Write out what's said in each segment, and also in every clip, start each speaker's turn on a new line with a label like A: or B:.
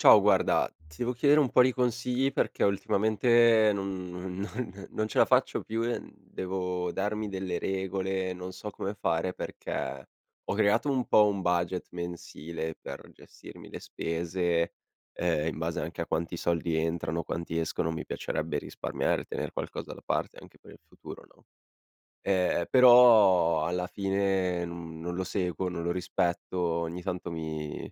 A: Ciao, guarda ti devo chiedere un po' di consigli perché ultimamente non non non non ce la faccio più e devo darmi delle regole, non so come fare perché ho creato un po' un budget mensile per gestirmi le spese, ehm, in base anche a quanti soldi entrano, quanti escono, mi piacerebbe risparmiare, tener qualcosa da parte anche per il futuro, no? Eh, però alla fine non non lo seguo, non lo rispetto, ogni tanto mi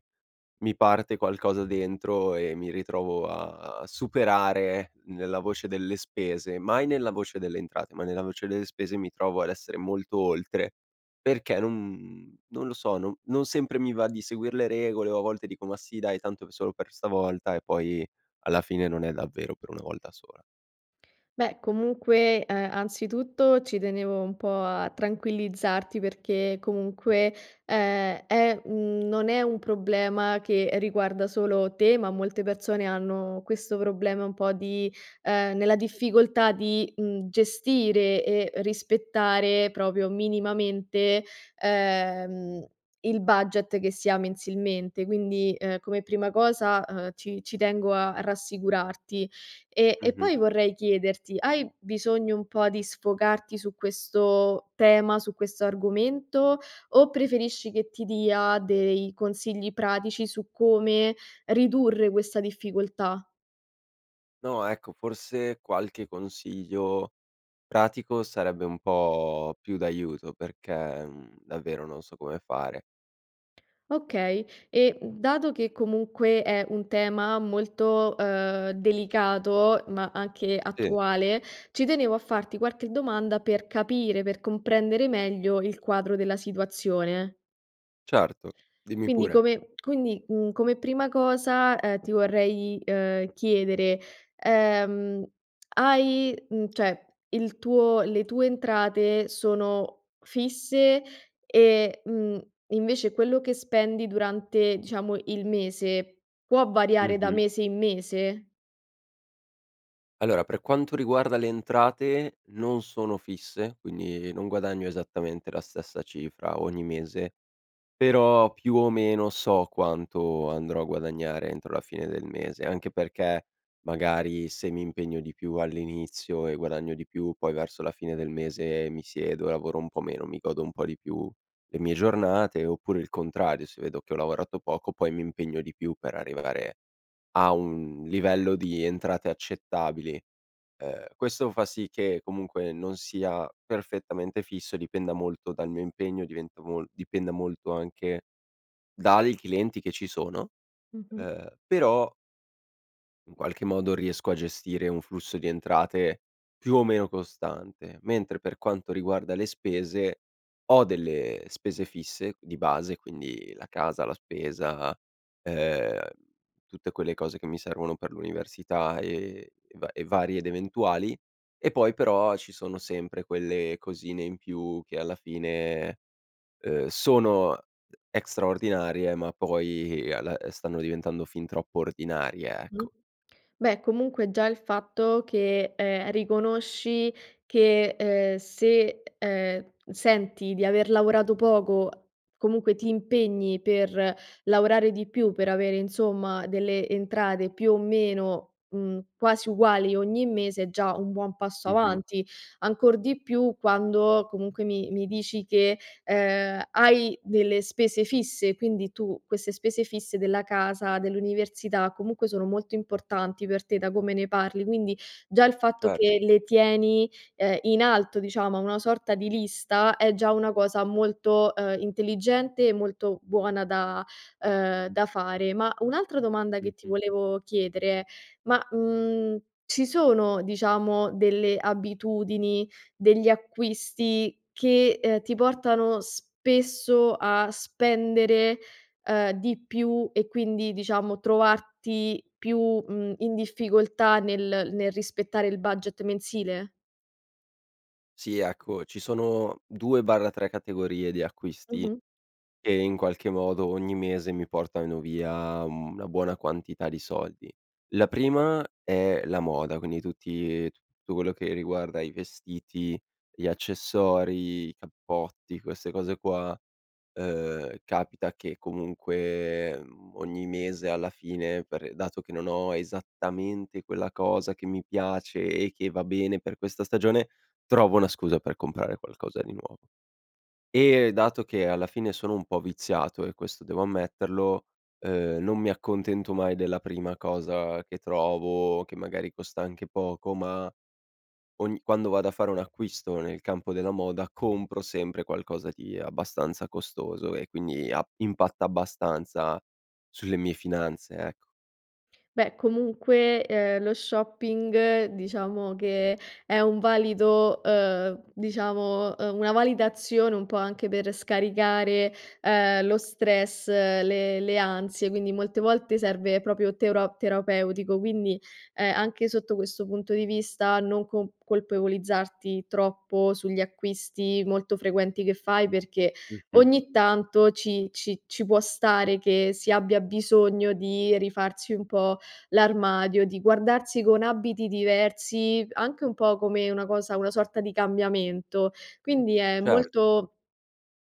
A: mi parte qualcosa dentro e mi ritrovo a superare nella voce delle spese, mai nella voce delle entrate, ma nella voce delle spese mi trovo ad essere molto oltre perché non non lo so, non non sempre mi va di seguir le regole. O a volte dico: "Ma sì, dai, tanto solo per stavolta", E poi alla fine non è davvero per una volta sola.
B: Beh comunque, ehm, anzitutto ci tenevo un po' a tranquillizzarti perché comunque, ehm, è mhmm, non è un problema che riguarda solo te ma molte persone hanno questo problema un po' di nella difficoltà di, mhmm, gestire e rispettare proprio minimamente, ehm, il budget che si ha mensilmente. Quindi, ehm, come prima cosa, ehm, ci ci tengo a rassicurarti e e
A: Mh-mh.
B: poi vorrei chiederti: hai bisogno un po' di sfogarti su questo tema, su questo argomento, o preferisci che ti dia dei consigli pratici su come ridurre questa difficoltà?
A: No ecco, forse qualche consiglio pratico sarebbe un po' più d'aiuto perché, mhmm, davvero non so come fare.
B: Okay e, mhmm, dato che comunque è un tema molto, ehm, delicato ma anche
A: Sì.
B: attuale, ci tenevo a farti qualche domanda per capire, per comprendere meglio il quadro della situazione.
A: Certo, dimmi
B: Quindi
A: pure.
B: come quindi, mhmm, come prima cosa, ehm, ti vorrei, ehm, chiedere, ehm: hai mhmm, cioè, il tuo le tue entrate sono fisse e, mhmm, invece quello che spendi durante diciamo il mese può variare da
A: Mh-mh.
B: mese in mese?
A: Allora per quanto riguarda le entrate non sono fisse, quindi non guadagno esattamente la stessa cifra ogni mese però, più o meno so quanto andrò a guadagnare entro la fine del mese. Anche perché magari se mi impegno di più all'inizio e guadagno di più, poi verso la fine del mese mi siedo e lavoro un po' meno, mi godo un po' di più le mie giornate oppure il contrario, se vedo che ho lavorato poco, poi mi impegno di più per arrivare a un livello di entrate accettabili. Ehm, questo fa sì che comunque non sia perfettamente fisso, dipenda molto dal mio impegno, diventa mol dipenda molto anche dai clienti che ci sono.
B: Mh-mh.
A: Ehm, però in qualche modo riesco a gestire un flusso di entrate più o meno costante, mentre per quanto riguarda le spese ho delle spese fisse di base, quindi la casa, la spesa, ehm, tutte quelle cose che mi servono per l'università e e va e varie ed eventuali. E poi però ci sono sempre quelle cosine in più che alla fine, uhm, sono extra ordinarie ma poi alla stanno diventando fin troppo ordinarie,
B: Mh.
A: ecco.
B: Beh comunque già il fatto che, ehm, riconosci che, ehm, se, ehm, senti di aver lavorato poco comunque ti impegni per lavorare di più per avere insomma delle entrate più o meno, mhmm, quasi uguali ogni mese è già un buon passo
A: Mh-mh.
B: avanti. Ancor di più quando comunque mi mi dici che, ehm, hai delle spese fisse; quindi tu queste spese fisse della casa, dell'università, comunque sono molto importanti per te da come ne parli, quindi già il fatto
A: Cer
B: che le tieni, ehm, in alto diciamo, a una sorta di lista, è già una cosa molto, ehm, intelligente e molto buona da, ehm, da fare. Ma, un'altra domanda che ti
A: Mh-mh.
B: volevo chiedere: ma, mhmm, ci sono diciamo delle abitudini degli acquisti che, ehm, ti portano spesso a spendere, ehm, di più e quindi diciamo trovarti più, mhmm, in difficoltà nel nel rispettare il budget mensile?
A: Sì ecco, ci sono 2/3 categorie di acquisti
B: Mh-mh.
A: che in qualche modo ogni mese mi portano via una buona quantità di soldi. La prima è la moda, quindi tutti tutto quello che riguarda i vestiti, gli accessori, i cappotti, queste cose qua, ehm, capita che comunque, mhmm, ogni mese alla fine per dato che non ho esattamente quella cosa che mi piace e che va bene per questa stagione, trovo una scusa per comprare qualcosa di nuovo. E dato che alla fine sono un po' viziato e questo devo ammetterlo, ehm, non mi accontento mai della prima cosa che trovo che magari costa anche poco ma ogni quando vado a fare un acquisto nel campo della moda compro sempre qualcosa di abbastanza costoso. E quindi a impatta abbastanza sulle mie finanze, ecco.
B: Beh comunque, ehm, lo shopping diciamo che è un valido, ehm, diciamo, ehm, una valida azione un po' anche per scaricare, ehm, lo stress, le le ansie, quindi molte volte serve proprio teuro terapeutico, quindi, ehm, anche sotto questo punto di vista non con colpevolizzarti troppo sugli acquisti molto frequenti che fai perché
A: Mh-mh.
B: ogni tanto ci ci ci può stare che si abbia bisogno di rifarsi un po' l'armadio, di guardarsi con abiti diversi, anche un po' come una cosa una sorta di cambiamento. Quindi è
A: Certo.
B: molto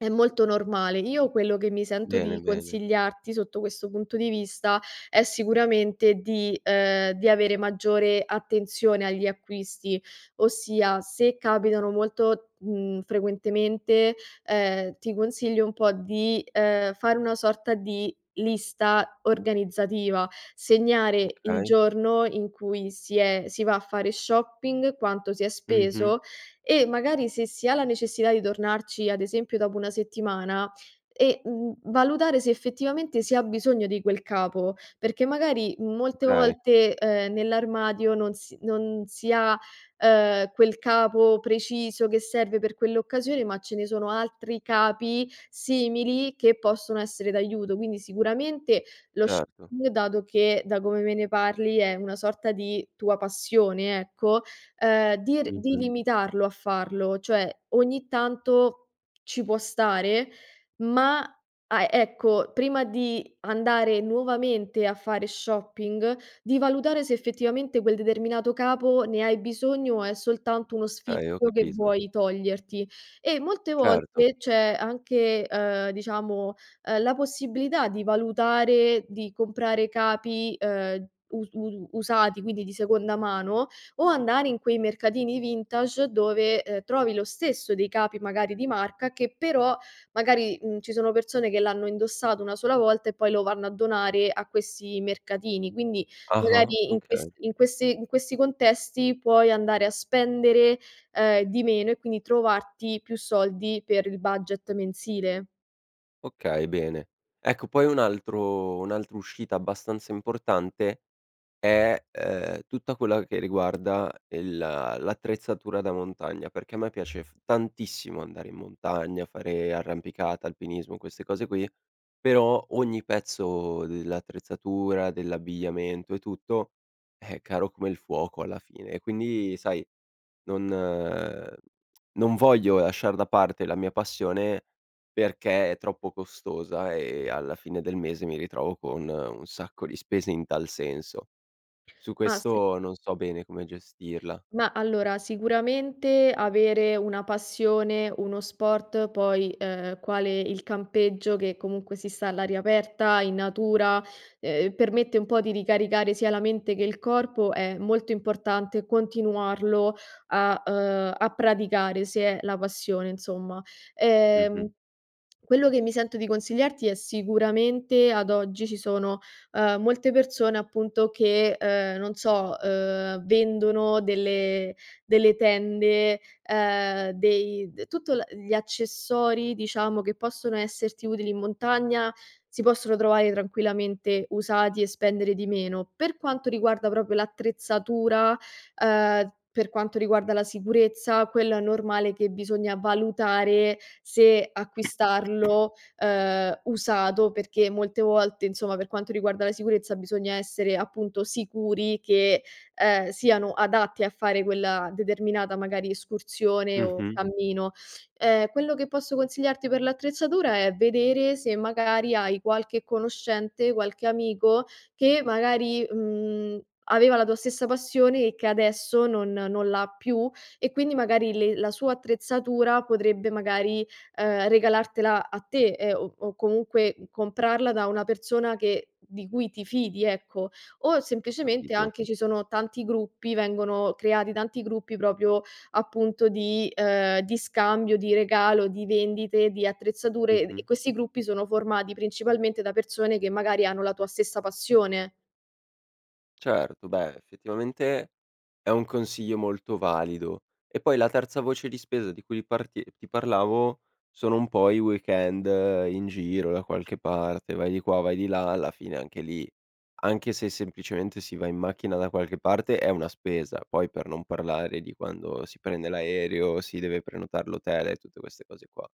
B: è molto normale. Io quello che mi sento
A: Bene,
B: di
A: bene.
B: consigliarti sotto questo punto di vista è sicuramente di, ehm, di avere maggiore attenzione agli acquisti, ossia se capitano molto, mhmm, frequentemente, ehm, ti consiglio un po' di, ehm, fare una sorta di lista organizzativa: segnare il
A: Okay.
B: giorno in cui si è si va a fare shopping, quanto si è
A: Mh-mh.
B: speso e magari se si ha la necessità di tornarci, ad esempio dopo 1 settimana e, mhmm, valutare se effettivamente si ha bisogno di quel capo. Perché magari molte
A: Okay.
B: volte, ehm, nell'armadio non si non si ha, ehm, quel capo preciso che serve per quell'occasione ma ce ne sono altri capi simili che possono essere d'aiuto. Quindi sicuramente lo
A: Certo.
B: shopping dato che, da come me ne parli, è una sorta di tua passione, ecco, ehm, di r di
A: Mh-mh.
B: limitarlo a farlo; cioè ogni tanto ci può stare ma ah ecco, prima di andare nuovamente a fare shopping di valutare se effettivamente quel determinato capo ne hai bisogno o è soltanto uno
A: Okay, ho
B: sfizio che
A: capito.
B: vuoi toglierti. E molte
A: Certo.
B: volte c'è anche, ehm, diciamo, ehm, la possibilità di valutare, di comprare capi, ehm, us usu usati, quindi di seconda mano o andare in quei mercatini vintage dove, ehm, trovi lo stesso dei capi magari di marca che però magari, mhmm, ci sono persone che l'hanno indossato 1 sola volta e poi lo vanno a donare a questi mercatini. Quindi
A: Ah-ah,
B: magari in questi
A: okay.
B: in questi in questi contesti puoi andare a spendere, ehm, di meno e quindi trovarti più soldi per il budget mensile.
A: Okay, bene. Ecco poi un altro un'altra uscita abbastanza importante è, ehm, tutto quello che riguarda il l'attrezzatura da montagna perché a me piace f tantissimo andare in montagna, fare arrampicata, alpinismo, queste cose qui, però ogni pezzo dell'attrezzatura, dell'abbigliamento e tutto è caro come il fuoco alla fine e quindi sai non non voglio lasciar da parte la mia passione perché è troppo costosa e alla fine del mese mi ritrovo con un sacco di spese in tal senso. Su
B: Ah sì.
A: questo non so bene come gestirla.
B: Ma allora sicuramente avere una passione, uno sport poi, ehm, quale il campeggio, che comunque si sta all'aria aperta, in natura, ehm, permette un po' di ricaricare sia la mente che il corpo, è molto importante continuarlo a, ehm, a praticare, se è la passione insomma. Ehm,
A: Mh-mh.
B: quello che mi sento di consigliarti è sicuramente, ad oggi, ci sono, ehm, molte persone appunto che, ehm, non so, ehm, vendono delle delle tende, ehm, dei d tutto la gli accessori diciamo che possono esserti utili in montagna si possono trovare tranquillamente usati e spendere di meno. Per quanto riguarda proprio l'attrezzatura, ehm, per quanto riguarda la sicurezza, quello è normale che bisogna valutare se acquistarlo, ehm, usato perché molte volte, insomma per quanto riguarda la sicurezza bisogna essere appunto sicuri che, ehm, siano adatti a fare quella determinata magari escursione o
A: Mh-mh.
B: cammino. Ehm, quello che posso consigliarti per l'attrezzatura è vedere se magari hai qualche conoscente, qualche amico che magari, mhmm, aveva la tua stessa passione e che adesso non non l'ha più e quindi magari le la sua attrezzatura potrebbe magari, ehm, regalartela a te e o comunque comprarla da una persona che di cui ti fidi, ecco. O
A: Ho
B: semplicemente
A: capito.
B: anche ci sono tanti gruppi, vengono creati tanti gruppi proprio appunto di, ehm, di scambio, di regalo, di vendite di attrezzature
A: Mh-mh.
B: e questi gruppi sono formati principalmente da persone che magari hanno la tua stessa passione.
A: Certo, beh effettivamente è un consiglio molto valido. E poi la terza voce di spesa di cui parti ti parlavo sono un po' i weekend in giro da qualche parte. Vai di qua, vai di là, alla fine anche lì, anche se semplicemente si va in macchina da qualche parte, è una spesa. Poi per non parlare di quando si prende l'aereo, si deve prenotare l'hotel e tutte queste cose qua.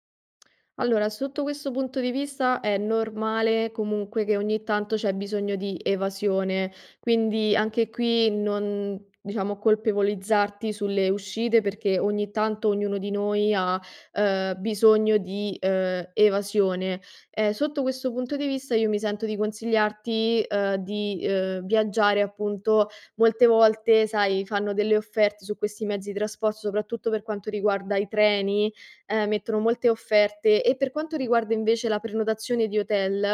B: Allora, sotto questo punto di vista è normale comunque che ogni tanto c'è bisogno di evasione, quindi anche qui non diciamo colpevolizzarti sulle uscite perché ogni tanto ognuno di noi ha, ehm, bisogno di, ehm, evasione. Ehm, sotto questo punto di vista io mi sento di consigliarti, ehm, di viaggiare. Appunto, molte volte sai, fanno delle offerte su questi mezzi di traspor soprattutto per quanto riguarda i treni, ehm, mettono molte offerte. E per quanto riguarda invece la prenotazione di hotel,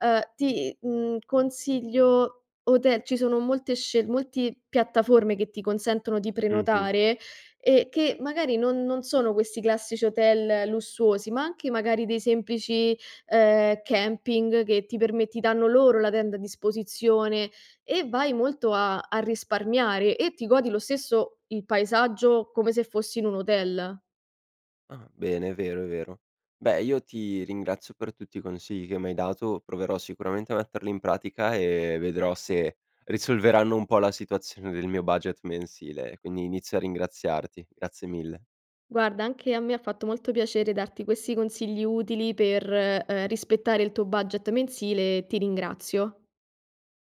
B: ehm, ti, mhmm, consiglio hotel, ci sono molte scelt multi piattaforme che ti consentono di
A: Mh-mh.
B: prenotare e che magari non non sono questi classici hotel lussuosi ma anche magari dei semplici, ehm, camping che ti perme ti danno loro la tenda a disposizione e vai molto a a risparmiare e ti godi lo stesso il paesaggio come se fossi in un hotel.
A: Ah bene, è vero, è vero. Beh io ti ringrazio per tutti i consigli che m'hai dato. Proverò sicuramente a metterli in pratica e vedrò se risolveranno un po' la situazione del mio budget mensile. Quindi inizio a ringraziarti. Grazie mille.
B: Guarda anche a me ha fatto molto piacere darti questi consigli utili per, ehm, rispettare il tuo budget mensile, ti ringrazio.